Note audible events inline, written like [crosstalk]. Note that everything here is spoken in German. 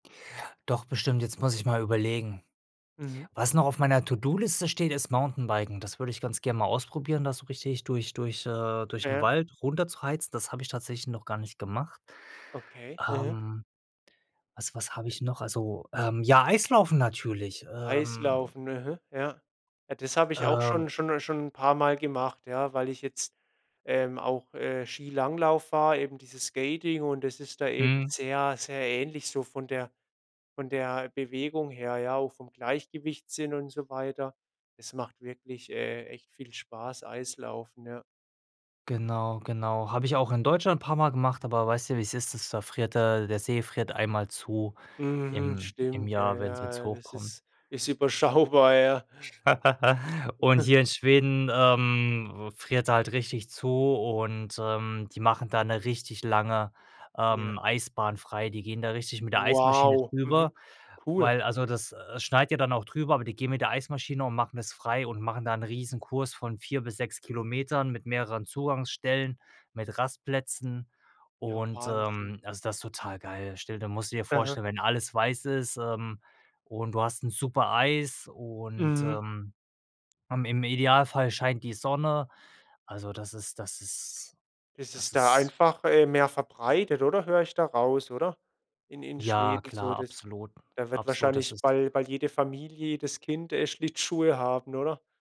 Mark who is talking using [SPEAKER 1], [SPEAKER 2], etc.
[SPEAKER 1] Doch bestimmt, jetzt muss ich mal überlegen.
[SPEAKER 2] Mhm.
[SPEAKER 1] Was noch auf meiner To-do-Liste steht, ist Mountainbiken. Das würde ich ganz gern mal ausprobieren, das so richtig durch durch, äh
[SPEAKER 2] Ja,
[SPEAKER 1] durch 'n
[SPEAKER 2] ja.
[SPEAKER 1] Wald runter zu heizen. Das habe ich tatsächlich noch gar nicht gemacht.
[SPEAKER 2] Okay, mhm.
[SPEAKER 1] Ähm, was was habe ich noch Also, ähm, ja, Eislaufen natürlich, ähm.
[SPEAKER 2] EIslaufen, aha, ja. Ja, das habe ich auch
[SPEAKER 1] Ähm.
[SPEAKER 2] schon schon 'n schon 'n paarmal gemacht, ja. Weil ich jetzt ähm, auch, äh, Skilanglauf war, eben diese Skating. Und das ist da eben
[SPEAKER 1] Mhm.
[SPEAKER 2] sehr, sehr ähnlich so von der von der Bewegung her, ja, auch vom Gleichgewichtssinn und so weiter. Es macht wirklich, äh, echt viel Spaß, Eislaufen, ja.
[SPEAKER 1] Genau, genau. Habe ich auch in Deutschland paar Mal gemacht, aber weißt ja wie's ist. Das da friert der der See friert einmal zu
[SPEAKER 2] Mhm,
[SPEAKER 1] im im
[SPEAKER 2] stimmt, ja,
[SPEAKER 1] Jahr, wenn's wenn's
[SPEAKER 2] ja, das
[SPEAKER 1] hochkommt.
[SPEAKER 2] ist, ist überschaubar, ja.
[SPEAKER 1] [giggles] Und
[SPEAKER 2] [chuckles]
[SPEAKER 1] hier in Schweden, ähm, friert er halt richtig zu und, ähm, die machen da 'ne richtig lange, ähm,
[SPEAKER 2] Ja.
[SPEAKER 1] Eisbahn frei. Die gehen da richtig mit der Eismaschine
[SPEAKER 2] Wow, mhm,
[SPEAKER 1] drüber,
[SPEAKER 2] cool.
[SPEAKER 1] weil Also, das, äh, schneit ja dann auch drüber, aber die gehen mit der Eismaschine und machen es frei und machen da 'n Riesenkurs von 4 bis 6 Kilometern mit mehreren Zugangsstellen, mit Rastplätzen.
[SPEAKER 2] Ja,
[SPEAKER 1] Und,
[SPEAKER 2] Wahnsinn.
[SPEAKER 1] ähm, also, das ist total geil. Stell dir musst du dir
[SPEAKER 2] Aha.
[SPEAKER 1] vorstellen, wenn alles weiß ist, ähm, und du hast 'n super Eis und,
[SPEAKER 2] Mhm.
[SPEAKER 1] ähm, am im Idealfall scheint die Sonne. Also, das ist das ist
[SPEAKER 2] Das
[SPEAKER 1] das
[SPEAKER 2] ist da
[SPEAKER 1] ist
[SPEAKER 2] einfach, äh, mehr verbreitet, oder, höre ich da raus, oder? In in
[SPEAKER 1] Ja,
[SPEAKER 2] Schweden so,
[SPEAKER 1] klar,
[SPEAKER 2] das
[SPEAKER 1] absolut,
[SPEAKER 2] da wird
[SPEAKER 1] absolut, das
[SPEAKER 2] wahrscheinlich
[SPEAKER 1] ist
[SPEAKER 2] bei bei jeder Familie, jedes Kind, äh, Schlittschuhe haben, oder?